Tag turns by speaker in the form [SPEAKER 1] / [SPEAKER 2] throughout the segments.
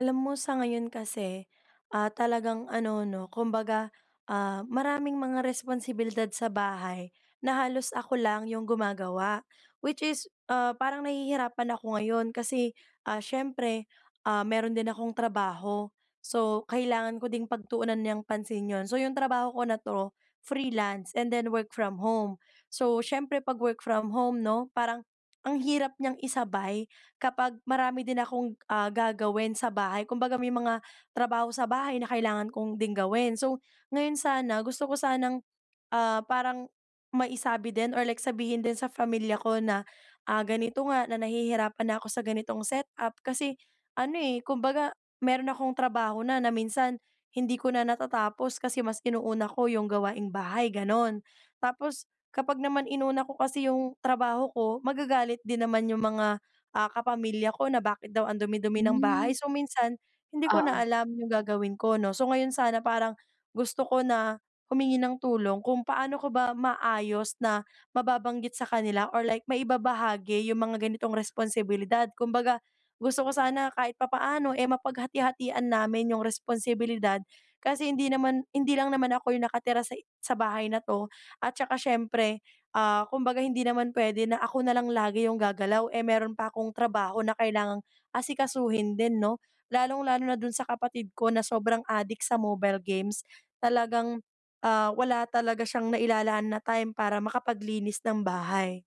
[SPEAKER 1] Alam mo sa ngayon kasi, ah, talagang ano 'no kumbaga, ah, maraming mga responsibilidad sa bahay na halos ako lang ‘yong gumagawa. Which is, ah, parang nahihirapan ako ngayon kasi, ah, siyempre, ah, meron din akong trabaho. So kailangan ko din pagtuunan niyang pansin yun. So yung trabaho ko na ‘to, freelance and then work from home. So siyempre ‘pag work from home ‘no, parang ang hirap niyang isabay kapag marami din akong, ah, gagawin sa bahay. Kumbaga may mga trabaho sa bahay na kailangan kong ding gawin. So ngayon sana, gusto ko sanang, ah, parang maisabi din or like sabihin din sa pamilya ko na, ah, ganito nga na nahihirapan na ako sa ganitong setup kasi ano eh, kumbaga meron akong trabaho na na minsan hindi ko na natatapos kasi mas inuuna ko yung gawaing bahay ganun. Tapos kapag naman inuna ko kasi yung trabaho ko, magagalit din naman yung mga, ah, kapamilya ko na bakit daw ang dumi-dumi ng
[SPEAKER 2] Hmm.
[SPEAKER 1] bahay. So minsan, hindi ko na
[SPEAKER 2] Oo.
[SPEAKER 1] alam yung gagawin ko ‘no. So ngayon sana parang gusto ko na humingi ng tulong kung paano ko ba maayos na mababanggit sa kanila or like maibabahagi yung mga ganitong responsibilidad? Kumbaga gusto ko sana kahit papaano, eh mapaghati-hatian namin yung responsibilidad kasi hindi naman hindi lang naman ako yung nakatira sa sa bahay na ‘to, at tsaka syempre, ah, kumbaga hindi naman pwede na ako nalang lagi yung gagalaw eh meron pa akong trabaho na kailangang asikasuhin din ‘no. Lalong-lalo na dun sa kapatid ko na sobrang addict sa mobile games, talagang, ah, wala talaga siyang nailalaan na time para makapaglinis ng bahay.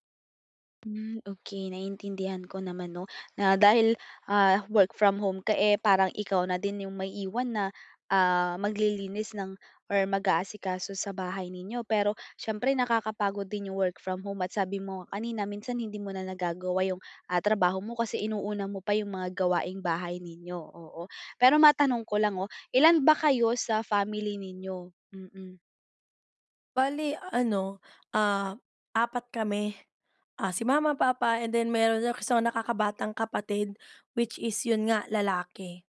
[SPEAKER 2] Hmm, okey naiintindihan ko naman 'no, na dahil, ah, work-from-home ka, eh, parang ikaw na din yung maiiwan na, ah, maglilinis ng or mag-aasikaso sa bahay ninyo. Pero siyempre nakakapagod din yung work-from-home at sabi mo nga kanina minsan, hindi mo na nagagawa yung, ah, trabaho mo, kasi inuuna mo pa yung mga gawaing-bahay ninyo, oo. Pero matanong ko lang, oh, ilan ba kayo sa family ninyo? Mm.
[SPEAKER 1] Bale ano, ah, 4 kami. Ah, si Mama, Papa and then meron din kasi akong nakakabatang kapatid, which is 'yon nga, lalaki.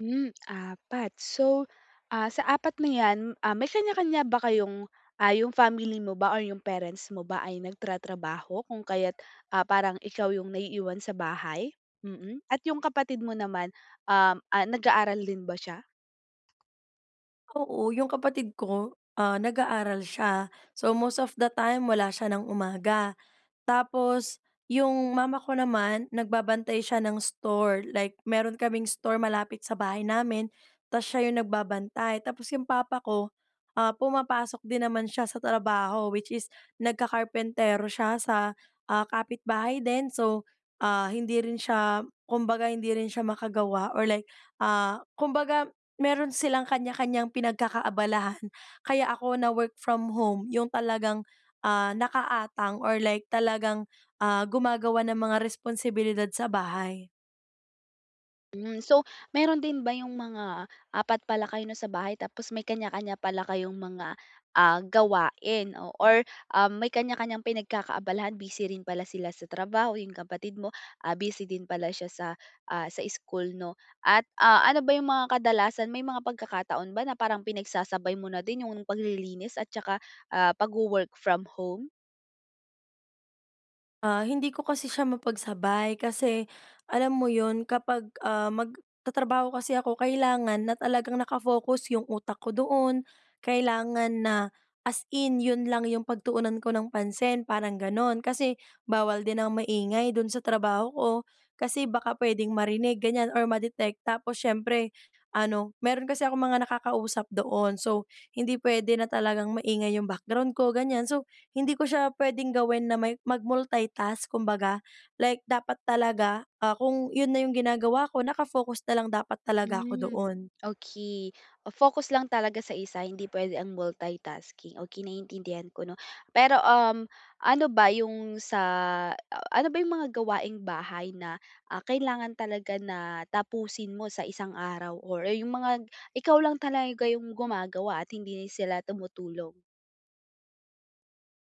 [SPEAKER 2] Hmm, 4, so, ah, sa 4 na 'yan, ah, may kanya-kanya ba kayong ah, yung family mo ba or yung parents mo ba, ay nagtratrabaho, kung kaya't, ah, parang ikaw yung naiiwan sa bahay? Mm, at yung kapatid mo naman, um, ah, nag-aaral din ba siya?
[SPEAKER 1] Oo, yung kapatid ko, ah, nag-aaral siya so, most of the time, wala siya ng umaga. Tapos yung mama ko naman, nagbabantay siya ng store, like meron kaming store malapit sa bahay namin, ta's siya yung nagbabantay. Tapos yung papa ko, ah, pumapasok din naman siya sa trabaho, which is nagka-karpentero siya sa, ah, kapitbahay din. So, ah, hindi rin siya, kumbaga hindi rin siya makagawa or like, ah, kumbaga meron silang kanya-kanyang pinagkakaabalahan. Kaya ako na-work-from-home yung talagang, ah, nakaatang or like talagang, ah, gumagawa ng mga responsibilidad sa bahay.
[SPEAKER 2] Hmm, so meron din ba yung mga 4 pala kayo 'no, sa bahay? Tapos may kanya-kanya pala kayong mga, ah, gawain o or um, may kanya-kanyang pinagkakaabalahan, busy rin pala sila sa trabaho. Yung kapatid mo, ah, busy din pala siya sa, ah, sa school 'no? At, ah, ano ba yung mga kadalasan, may mga pagkakataon ba na parang pinagsasabay mo na din yung paglilinis at tsaka, ah, pagwo-work from home?
[SPEAKER 1] Ah, hindi ko kasi siya mapagsabay, kasi alam mo 'yon, kapag, ah, magtatrabaho kasi ako, kailangan na talagang naka-focus yung utak ko doon. Kailangan na as in yun lang yung pagtuunan ko ng pansin, parang gano'n. Kasi bawal din ang maingay dun sa trabaho ko, kasi baka pwedeng marinig ganyan or ma-detect. Tapos siyempre ano, meron kasi akong mga nakakausap doon, so hindi pwede na talagang maingay yung background ko, ganyan. So hindi ko siya pwedeng gawin na may mag-multitask, kumbaga. Like dapat talaga, ah, kung iyon na yung ginagawa ko, naka-focus na lang dapat talaga ako
[SPEAKER 2] Hmm,
[SPEAKER 1] doon.
[SPEAKER 2] okey. Oh, focus lang talaga sa isa, hindi pwede ang multitasking, okey naiintindihan ko 'no? Pero, um, ano ba yung sa a ano ba yung mga gawaing-bahay na, ah, kailangan talaga na, tapusin mo sa isang araw or, eh, yung mga ikaw lang talaga yung gumagawa at hindi sila tumutulong?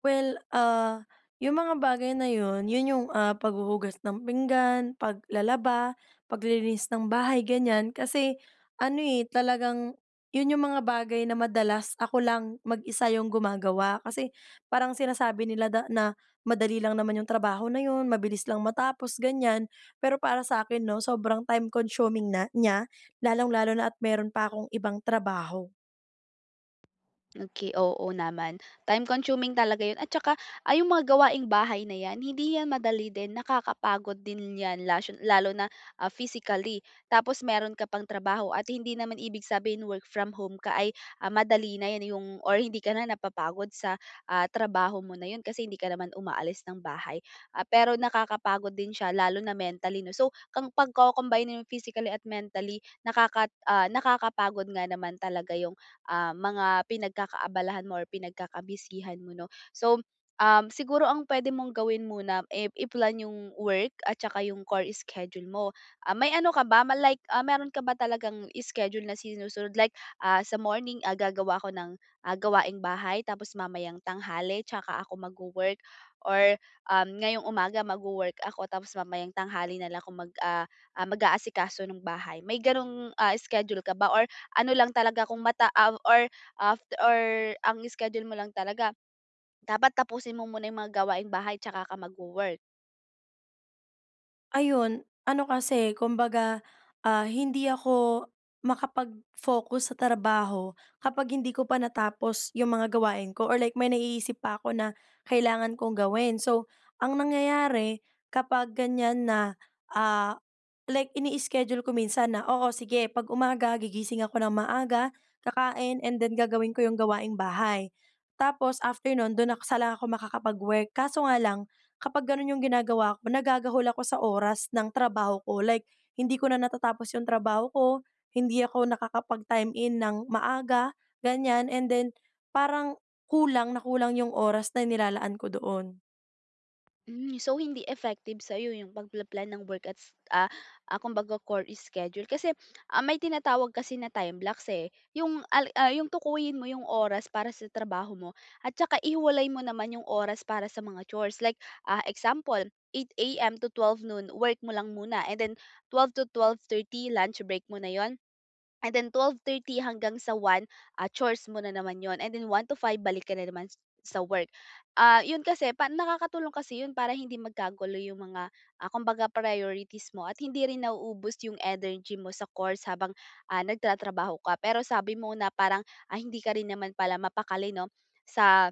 [SPEAKER 1] Well, ah, yung mga bagay na 'yon, yun yung, ah, paghuhugas ng pinggan, paglalaba, paglilinis ng bahay, ganyan. Kasi ano, eh, talagang yun yung mga bagay na madalas ako lang mag-isa yung gumagawa. Kasi parang sinasabi nila da na, "Madali lang naman yung trabaho na 'yon, mabilis lang matapos." ganyan. Pero para sakin 'no, sobrang time consuming na niya, lalong-lalo na at meron pa akong ibang trabaho.
[SPEAKER 2] Okey, oo, naman. Time consuming talaga 'yon at tsaka, ah, yung mga gawaing-bahay na yan, hindi yan madali din, nakakapagod din yan, lashon lalo na, ah, physically, tapos meron ka pang trabaho. At hindi naman ibig sabihin work-from-home ka ay, ah, madali na yan, yung or hindi ka na napapagod sa, ah, trabaho mo na 'yon, kasi hindi ka naman umaalis ng bahay. Ah, pero nakakapagod din siya, lalo na mentally 'no? So kang pagko-combine-in mo physically at mentally, nakakat ah, nakakapagod nga naman talaga yung, ah, mga pinagkakaabalahan mo or pinagkaka-busy-han mo 'no. So, um, siguro ang pwede mong gawin muna, eh, i-plan yung work at tsaka yung chore schedule mo. Ah, may ano ka ba, ma like, ah, meron ka ba talagang schedule na sinusunod? Like, ah, sa morning, ah, gagawa ako ng, ah, gawaing-bahay, tapos mamayang tanghali tsaka ako magwo-work or, um, ngayong umaga, magwo-work ako, tapos mamayang tanghali na lang ako mag, ah ah, mag-aasikaso nung bahay. May gano'ng, ah, schedule ka ba or ano lang talaga kung mata av or af or ang schedule mo lang talaga, dapat tapusin mo muna 'yong mga gawaing-bahay tsaka ka magwo-work?
[SPEAKER 1] Ayun. Ano kasi, kumbaga, ah, hindi ako makapagfocus sa trabaho kapag hindi ko pa natapos 'yong mga gawain ko or like may naiisip pa 'ko na kailangan kong gawin. So ang nangyayari kapag ganiyan na, ah, like ini-schedule ko minsan na, oo, sige. Pag umaga, gigising ako ng maaga, kakain and then gagawin ko 'yong gawaing bahay. Tapos after no'n, do'n saka lang ako makakapag-work. Kaso nga lang, kapag gano'n 'yong ginagawa ko, nagagahol ako sa oras ng trabaho ko. Like, hindi ko na natatapos 'yong trabaho ko. Hindi ako nakakapag-time-in nang maaga, ganiyan. And then parang kulang na kulang 'yong oras nailalaan ko doon.
[SPEAKER 2] Hmm. So hindi effective sa 'yo 'yong pagpa-plan ng work at s ah, kumbaga chore schedule kasi, ah, may tinatawag kasi na time blocks, eh. 'Yong al ah, 'yong tukuyin mo 'yong oras para sa trabaho mo at saka ihiwalay mo naman 'yong oras para sa mga chores. Like, ah, example 8:00 AM to 12:00 noon work mo lang muna and then 12:00 to 12:30, lunch break mo na 'yon. And then 12:30 hanggang sa 1:00, ah, chores mo nanaman 'yon. And then 1:00 to 5:00, balik ka na naman s sa work. Ah, 'yon kasi pa nakakatulong kasi 'yon para hindi magkagulo 'yong mga, ah, kumbaga priorities mo at hindi rin nauubos 'yong energy mo sa chores habang, ah, nagtatrabaho ka. Pero sabi mo na parang, ah, hindi ka rin naman pala mapakali, 'no, sa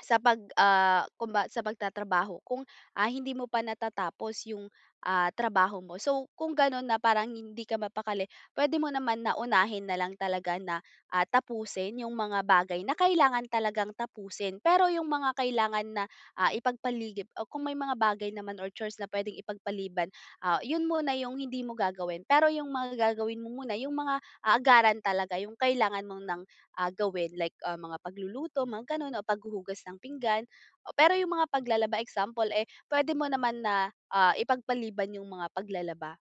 [SPEAKER 2] sa pag ah, kumba sa pagtatrabaho kung, ah, hindi mo pa natatapos 'yong, ah, trabaho mo. So kung gano'n na parang hindi ka mapakali puwede mo naman na unahin na lang talaga na, ah, tapusin 'yong mga bagay na kailangan talagang tapusin. Pero 'yong mga kailangan na, ah, ipagpaligip o kung may mga bagay naman or chores na puwedeng ipagpaliban, ah, 'yon muna 'yong hindi mo gagawin. Pero 'yong mga gagawin mo muna 'yong mga a agaran talaga 'yong kailangan mo nang, ah, gawin like, ah, mga pagluluto, mga gano'n, o paghuhugas ng pinggan. O pero 'yong mga paglalaba, example, eh, pwede mo naman na, ah, ipagpaliban 'yong mga paglalaba.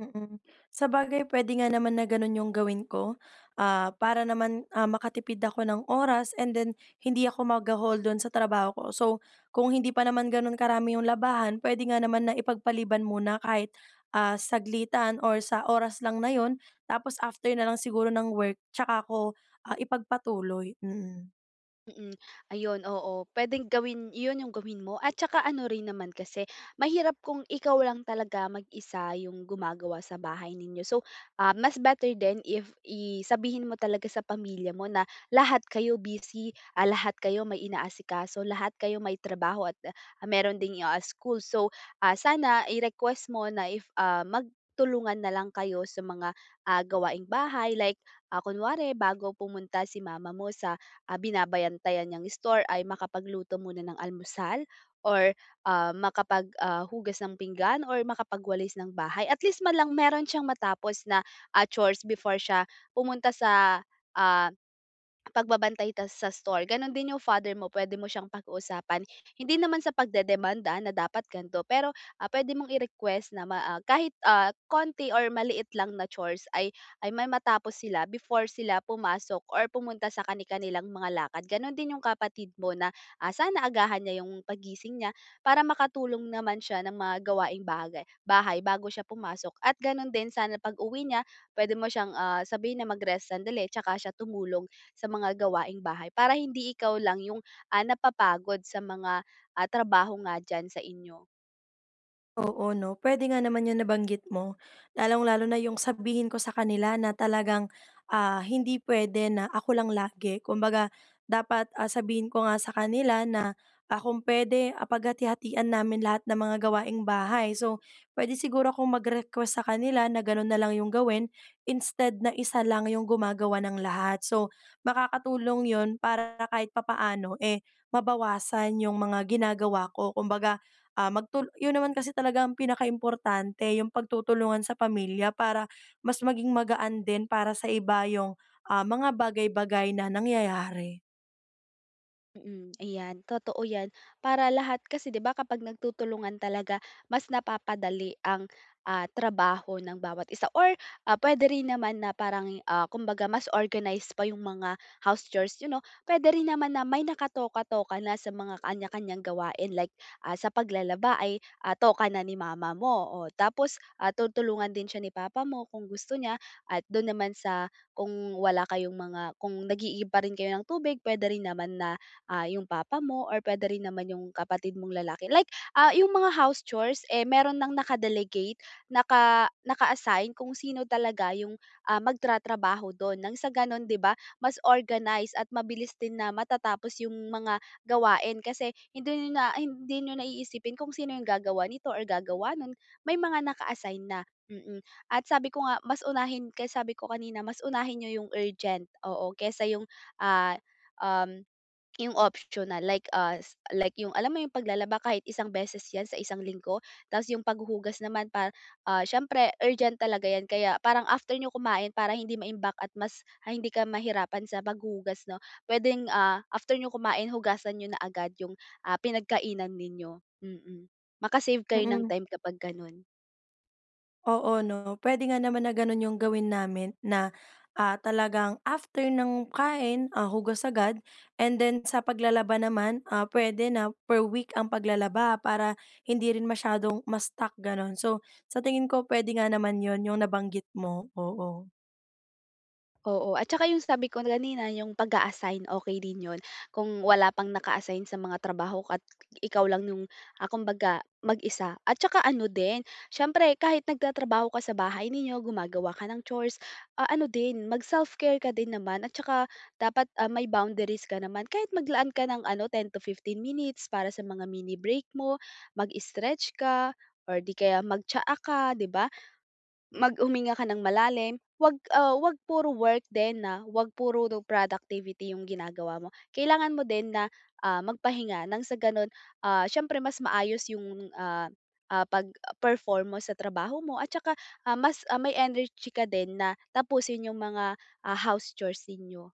[SPEAKER 1] Mm. Sabagay, puwede nga naman na gano'n 'yong gawin ko, ah, para naman, ah, makatipid ako ng oras, and then hindi ako magahol do'n sa trabaho ko. So kung hindi pa naman gano'n karami 'yong labahan, puwede nga naman na ipagpaliban muna kahit, ah, saglitan or sa oras lang na 'yon. Tapos after na lang siguro ng work tsaka ko, ah, ipagpatuloy. Mm.
[SPEAKER 2] Mm. Ayun oo, puwedeng gawin 'yon 'yong gawin mo. At saka ano rin naman kasi, mahirap kung ikaw lang talaga mag-isa 'yong gumagawa sa bahay ninyo. So, ah, mas better din if i sabihin mo talaga sa pamilya mo na lahat kayo busy, ah, lahat kayo may inaasikaso, lahat kayo may trabaho at, ah, mayro'n ding, yo ah, school. So, ah, sana i-request mo na if, ah, magtulungan na lang kayo sa mga, ah, gawaing bahay, like, ah, kunwari bago pumunta si mama mo sa, ah, binabantayan niyang store ay makapagluto muna ng almusal, or, ah, makapag ah, hugas ng pinggan, or makapagwalis ng bahay. At least man lang mayro'n siyang matapos na, ah, chores before siya pumunta sa, ah, pagbabantay ta sa store. Gano'n din 'yong father mo, puwede mo siyang pakiusapan. Hindi naman sa pagdedemand ha na dapat gan'to. Pero, ah, puwede mong i-request na ma ah, kahit, ah, konti or maliit lang na chores ay ay may matapos sila before sila pumasok or pumunta sa kani-kanilang mga lakad. Gano'n din 'yong kapatid mo na, ah, sana agahan niya 'yong paggising niya, para makatulong naman siya ng mga gawaing bagay bahay bago siya pumasok. At gano'n din, sana pag-uwi niya puwede mo siyang, ah, sabihin na mag-rest sandali tsaka siya tumulong sa mga gawaing bahay, para hindi ikaw lang 'yong, ah, napapagod sa mga, ah, trabaho nga diyan sa inyo.
[SPEAKER 1] Oo 'no, puwede nga naman yung nabanggit mo. Lalong-lalo na yung sabihin ko sa kanila na talagang, ah, hindi puwede na ako lang lagi. Kumbaga, dapat, ah, sabihin ko nga sa kanila na, ah, kung puwede, ah, paghati-hatian namin lahat ng mga gawaing bahay. So, puwede siguro akong mag-request sa kanila na ganun na lang 'yong gawin instead na isa lang 'yong gumagawa ng lahat. So, makakatulong yun para kahit papaano, eh, mabawasan yung mga ginagawa ko. Kumbaga, ah, magtul yun naman kasi talaga ang pinakaimportante, yung pagtutulungan sa pamilya para mas maging magaan din para sa iba yung, ah, mga bagay-bagay na nangyayari.
[SPEAKER 2] Mm, ayan, totoo 'yan. Para lahat kasi, 'di ba, kapag nagtutulungan talaga, mas napapadali ang, ah, trabaho ng bawat isa or, ah, puwede rin naman na parang ya ah, kumbaga, mas organized pa 'yong mga house chores niyo 'no? Puwede rin naman na may nakatoka-toka na sa mga kanya-kanyang gawain. Like, ah, sa paglalaba ay, ah, toka na ni mama mo o tapos, ah, tutulungan din sya ni papa mo kung gusto niya. At do'n naman sa kung wala kayong mga kung nag-iigib pa rin kayo ng tubig, puwede rin naman na, ah, yung papa mo or puwede rin naman yung kapatid mong lalaki. Like, ah, yung mga house chores eh, meron ng naka-delegate, naka naka-assign kung sino talaga yung, ah, magtatrabaho dun ng sa ganon, di ba, mas organize at mabilis din na matatapos yung mga gawain. Kasi hindi niyo na hindi niyo na iisipin kung sino yung gagawa nito or gagawa no'n, may mga naka-assign na. Mm, at sabi ko nga, mas unahin kaya sabi ko kanina, mas unahin niyo yung urgent, oo, kaysa yung, ah, um, 'yong optional. Like, ah, s like yung alam mo 'yong paglalaba kahit isang beses yan sa isang linggo. Tapos 'yong paghuhugas naman pa ah, syempre urgent talaga 'yan kaya parang after niyo kumain, para hindi maimbak at mas, ah, hindi ka mahirapan sa paghuhugas, 'no, puwedeng, ah, after niyo kumain, hugasan niyo na agad 'yong, ah, pinagkainan ninyo, mm. Maka-save kayo ng
[SPEAKER 1] Mm.
[SPEAKER 2] time kapag gano'n.
[SPEAKER 1] Oo 'no, puwede nga naman na gano'n yung gawin namin na, ah, talagang after ng kain, ah, hugas agad and then sa paglalaba naman, ah, puwede na per week ang paglalaba para hindi rin masyadong ma-stuck gano'n. So, sa tingin ko puwede nga naman 'yon, 'yong nabanggit mo. Oo.
[SPEAKER 2] Oo. At saka yung sabi ko kanina yung pag-aasign, okey din 'yon. Kung wala pang naka-assign sa mga trabaho, at ikaw lang yung, ah, kumbaga mag-isa. At saka ano din, siyempre kahit nagtatrabaho ka sa bahay ninyo gumagawa ka ng chores, ah, ano din mag self care ka din naman. At saka dapat, ah, may boundaries ka naman kahit maglaan ka ng ano 10 to 15 minutes para sa mga mini break mo, mag-strech ka or di kaya mag-tsaa ka di ba? Mag huminga ka ng malalim, 'wag, ah, 'wag puro work din na wag puro productivity yung ginagawa mo. Kailangan mo din na, ah, magpahinga ng sa gano'n, ah, siyempre mas maayos yung, ah, ah, pag-perform mo sa trabaho mo, at saka, ah, mas, ah, may energy ka din na tapusin yung mga, ah, house chores ninyo.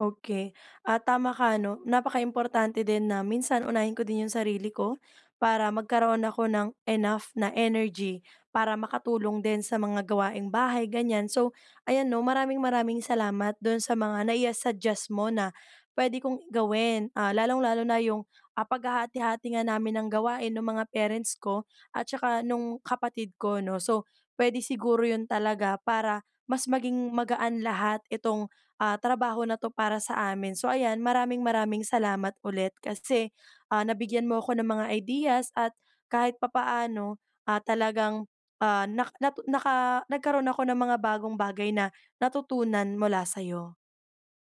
[SPEAKER 1] Okey. Ah, tama ka 'no, napakaimportante din na minsan unahin ko din yung sarili ko, para magkaroon ako ng enough na energy, para makatulong din sa mga gawaing bahay ganyan. So, ayan 'no, maraming-maraming salamat do'n sa mga nai ah, suggest mo na puwede kong gawin, ah, lalong-lalo na yung, ah, paghahati-hati nga namin ng gawain ng mga parents ko, at saka nung kapatid ko no. So, puwede siguro 'yon talaga para mas maging magaan lahat itong, ah, trabaho na 'to para sa amin. So ayan, maraming-maraming salamat ulit, kasi, ah, nabigyan mo ako ng mga ideas at kahit papaano, ah, talagang, ah, nak natu naka nagkaroon ako ng mga bagong bagay na natutunan mula sayo.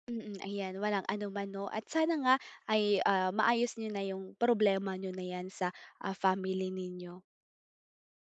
[SPEAKER 2] Mm, ayan, walang anuman 'no at sana nga ay, ah, maayos niyo na yung problema niyo na yan sa, ah, family ninyo.